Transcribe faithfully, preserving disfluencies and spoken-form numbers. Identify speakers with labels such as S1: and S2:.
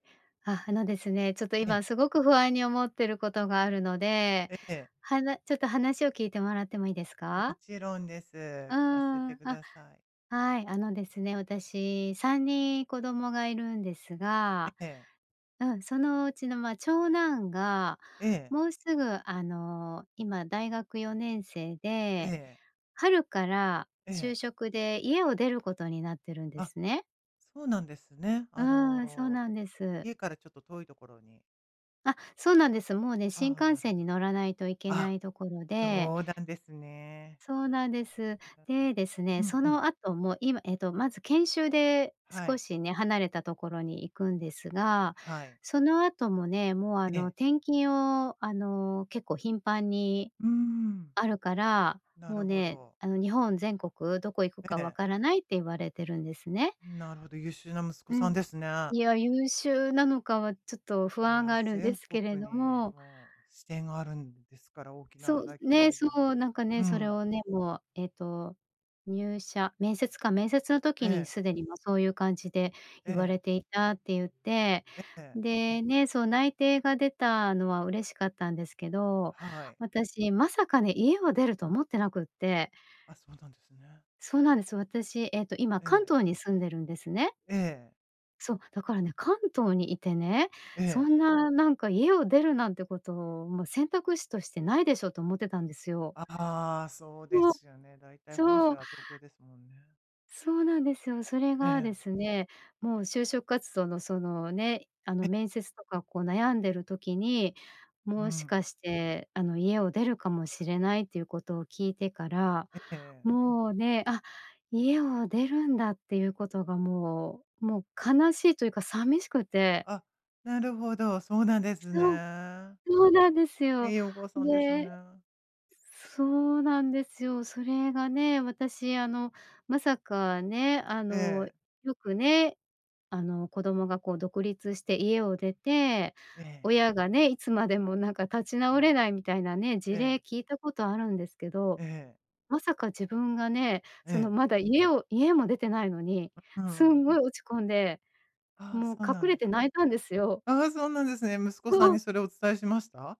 S1: あ、あのですね、ちょっと
S2: ええ。
S1: 今、凄く不安に思っている事があるので、
S2: ええ。
S1: はなちょっと話を、聞いて貰っても良いですか？
S2: 勿論です。
S1: う
S2: 聞
S1: ー
S2: かせて
S1: ん、あ、
S2: 下さい。
S1: はい、あのですね、私、さんにん子供が居るんですが
S2: ええ。
S1: うん、そのうちの、ま、長男が、
S2: ええ。
S1: もう直ぐ、あの、今、大学よねんせい
S2: え
S1: で、
S2: え。
S1: 春から
S2: え
S1: 就
S2: え。
S1: 職で家を出る事になってるんで
S2: あ、
S1: すね。
S2: そうなんですね。
S1: う
S2: あ
S1: ん、そう
S2: の、
S1: なんです。
S2: 家からちょっと遠い所に？
S1: あ、そうなんです、もうね、新
S2: ああ、
S1: 幹
S2: なる
S1: 線に
S2: ほど。
S1: 乗らないと行けな
S2: あ、
S1: い所で
S2: そうなんですね。
S1: そう
S2: うん、うん、
S1: なんです。
S2: うなんです。
S1: で、ですね、
S2: うん
S1: そ
S2: うん。
S1: の後も、今えっと、まず研修で
S2: は
S1: 少
S2: い。
S1: しね、離れた所に行くんですが、
S2: はい。
S1: その後もね、もう、あ
S2: え
S1: の、
S2: え。
S1: 転勤を、あの、結構頻繁に
S2: うーん。
S1: あるから、
S2: な
S1: もう
S2: るほ
S1: ね、
S2: ど。
S1: あの、日本全国どこ行くか
S2: え
S1: 分
S2: え。
S1: からないって言われてるんですね。
S2: なるほど、優秀な息子
S1: う
S2: さ
S1: ん、
S2: んですね。
S1: いや、優秀なのかは、ちょっと不
S2: い
S1: 安
S2: や、
S1: があるんで
S2: 全
S1: すけれ
S2: 国
S1: ど
S2: に、
S1: も。
S2: もう支店があるんですから、大き
S1: そ
S2: な
S1: う、
S2: 大企
S1: ね、
S2: 業じ
S1: そ
S2: ゃない
S1: う、
S2: です
S1: 何か
S2: か。
S1: ね、
S2: う
S1: それ
S2: ん。
S1: をね、もう、えっと、入社面接か、面接の
S2: え
S1: 時に
S2: え。
S1: 既に、も、そういう感じで
S2: え
S1: 言わ
S2: え。
S1: れていた、って言って。
S2: ええ。
S1: でね、その内定が出たのは嬉しかったんですけど、
S2: はい。
S1: 私まさかね、家を出ると思ってなくって。
S2: あ、そうなんですね。
S1: そうなんです。私、えっと、今
S2: え
S1: 関
S2: え。
S1: 東に住んでるんですね。
S2: ええ。
S1: そう、だからね、関東に居てね、
S2: え
S1: そ
S2: え。
S1: んな何か「家を出るなんて事、もう選択肢として無いでしょ」と思ってたんですよ。
S2: ああ、そうで
S1: ふお。
S2: すよね。大体、本
S1: そ
S2: 社
S1: う。
S2: は東京ですもんね。
S1: そうなんですよ。それ
S2: え
S1: がで
S2: え。
S1: すね、もう就職活動の、そのね、あの、
S2: え。
S1: 面接とか、こう悩んでる時に、
S2: うー
S1: もしか
S2: ん。
S1: して、あの、家を出るかもしれないという事を聞いてから、
S2: え、ええ。
S1: もうね、あ、家を出るんだっていう事が、もう、もう悲しいと言うか寂しくて。
S2: あ、なるほど、そうなんです
S1: そう。
S2: ね。
S1: そうなんです
S2: 良
S1: よ、
S2: いお母さんです
S1: で。
S2: ね。
S1: そうなんですよ。それがね、私あの、まさかね、あ
S2: え
S1: の、
S2: え。
S1: 良くね、あの、子供がこう独立して家を出て、
S2: ええ。
S1: 親がね、いつまでも何か、立ち
S2: う
S1: 直
S2: ん。
S1: れないみたいなね、事例
S2: ええ。
S1: 聞いた事あるんですけど。
S2: ええ。
S1: まさか自分がね、そ
S2: え
S1: の、
S2: え。
S1: まだ家を家も出てないのに、
S2: う
S1: す
S2: んう
S1: ん
S2: ん。
S1: ごい落ち込んで、
S2: ああ、
S1: もう
S2: そうな
S1: 隠
S2: ん
S1: れ
S2: で
S1: て
S2: すね。
S1: 泣いたんですよ。
S2: ああ、そうなんですね。息子
S1: そ
S2: さん
S1: う。
S2: に、それをお伝えしました？